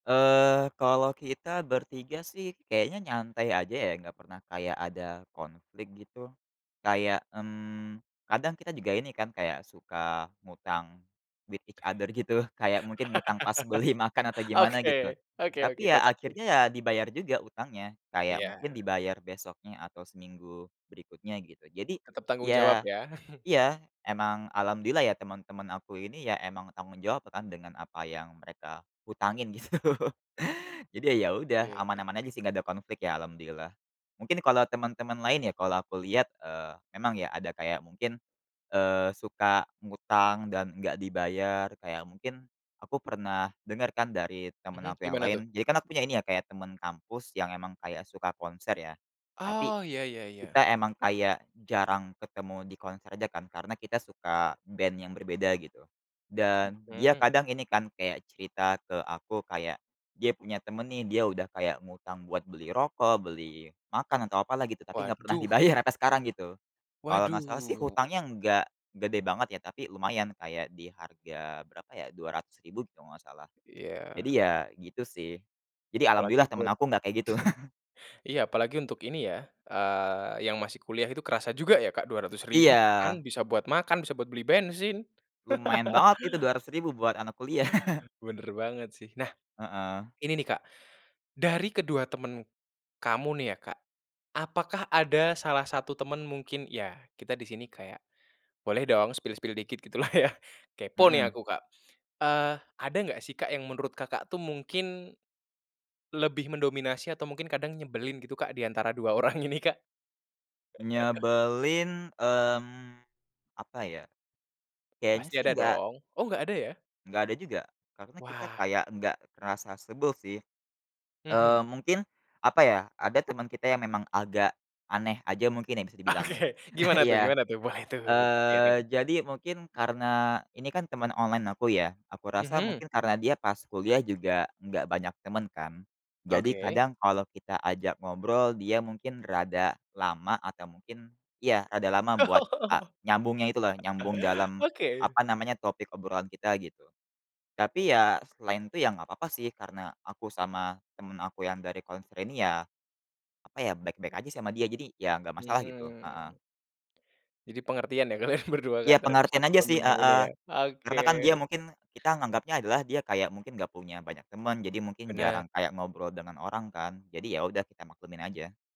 Eee, kalau kita ber-3 sih kayaknya nyantai aja ya, enggak pernah kayak ada konflik gitu. Kayak, mmm, kadang kita juga ini kan kayak suka ngutang with each other gitu, kayak mungkin ngutang pas beli makan atau gimana gitu. Oke oke oke, Tapi ya kocak sih. akhirnya ya dibayar juga utangnya, kayak mungkin Iya. dibayar besoknya atau seminggu berikutnya, gitu. Jadi Tetap tanggung jawab ya ya. iya, emang alhamdulillah ya teman-teman aku ini ya emang tanggung jawab kan dengan apa yang mereka hutangin gitu. Jadi ya ya udah Iya iya. aman-aman aja sih nggak ada konflik ya alhamdulillah. Mungkin kalau temen-temen lain ya kalau aku lihat, eee, emang ya ada kayak mungkin, eee, suka ngutang dan nggak dibayar. Kayak mungkin aku pernah denger kan dari temen Mhm, aku yang gimana tuh? lain, jadi kan aku punya ini ya kayak temen kampus yang emang kayak suka konser ya. Tapi Oh, ya ya ya ya. kita emang kayak jarang ketemu di konser aja kan karena kita suka band yang berbeda gitu, dan dia Mhm. kadang ini kan kayak cerita ke aku, kayak dia punya temen nih dia udah kayak ngutang buat beli rokok, beli makan, atau apalah gitu, tapi nggak pernah Waduh. dibayar sampai sekarang gitu. Kalau nggak Waduh. salah sih hutangnya nggak gede banget ya tapi lumayan kayak di harga berapa ya Rp200.000 kalau nggak salah. Jadi Iya. ya gitu sih, jadi Apalagi alhamdulillah temen hut aku enggak kayak gitu. iya apalagi untuk ini ya, eee, yang masih kuliah itu kerasa juga ya, Kak, rp200.000 sekarang Iya. bisa buat makan, bisa buat beli bensin. Lumayan banget itu Rp200.000 buat anak kuliah. Bener banget sih. Nah, Heeh. ini nih Kak, dari ke-2 temen kamu nih ya Kak, apakah ada salah satu temen mungkin ya kita di sini kayak boleh dong spill-spill dikit gitu lah ya, kepo nih Mhm. aku, Kak. Eee, ada nggak sih Kak yang menurut Kakak tuh mungkin lebih mendominasi atau mungkin kadang nyebelin gitu Kak di antara 2 orang ini Kak? Nyebelin, mmm, apa ya, kayaknya Pasti sih ada enggak dong oh nggak ada ya? nggak ada juga, karena kita Wah. kayak nggak ngerasa sebel sih. Mhm. Eee, mungkin, apa ya, ada teman kita yang memang agak aneh aja mungkin ya bisa dibilang ya Oke, gimana tuh iya. gimana tuh? Boleh tuh Eee, sharing. jadi mungkin karena ini kan teman online aku ya, aku rasa Mhm. mungkin karena dia pas kuliah juga enggak banyak temen kan, jadi Oke. kadang kalau kita ajak ngobrol dia mungkin rada lama atau mungkin ya rada lama buat a Oh, nyambungnya itu loh, nyambung dalam, oke. apa namanya, topik obrolan kita gitu. Tapi ya selain itu ya nggak apa-apa sih, karena aku sama temen aku yang dari konser ini ya, apa ya, baik-baik aja sama dia, jadi ya nggak masalah gitu, heeh. Hmm. Jadi pengertian ya kalian ber-2 Kak Iya, terhadap pengertian 1 aja sih, teman yang ini heeh, ya, oke. karena kan dia mungkin kita nganggapnya adalah dia kayak mungkin nggak punya banyak teman, jadi mungkin Bener. jarang kayak ngobrol dengan orang kan, jadi ya udah kita maklumin aja.